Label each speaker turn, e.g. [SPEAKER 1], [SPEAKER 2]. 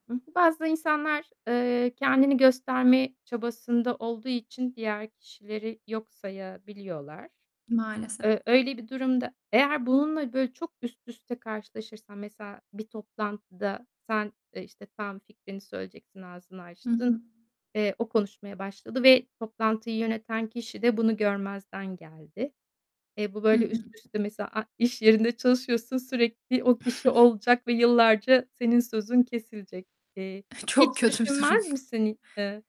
[SPEAKER 1] Hı hı. Bazı insanlar, eee, kendini gösterme çabasında olduğu için diğer kişileri yok sayabiliyorlar.
[SPEAKER 2] Maalesef.
[SPEAKER 1] Eee, öyle bir durumda Eğer bununla böyle çok üst üste karşılaşırsan, mesela bir toplantıda, sen, e, işte, tam fikrini söyleyeceksin, ağzını
[SPEAKER 2] Hı
[SPEAKER 1] açtın.
[SPEAKER 2] hı.
[SPEAKER 1] Eee, o konuşmaya başladı ve toplantıyı yöneten kişi de bunu görmezden geldi. E, bu
[SPEAKER 2] Hı
[SPEAKER 1] böyle
[SPEAKER 2] hı.
[SPEAKER 1] üst üste mesela a iş yerinde çalışıyorsun, sürekli o kişi olacak ve yıllarca senin sözün kesilecek. Eee, hiç
[SPEAKER 2] Çok kötü bir durum.
[SPEAKER 1] düşünmez misin? İ ee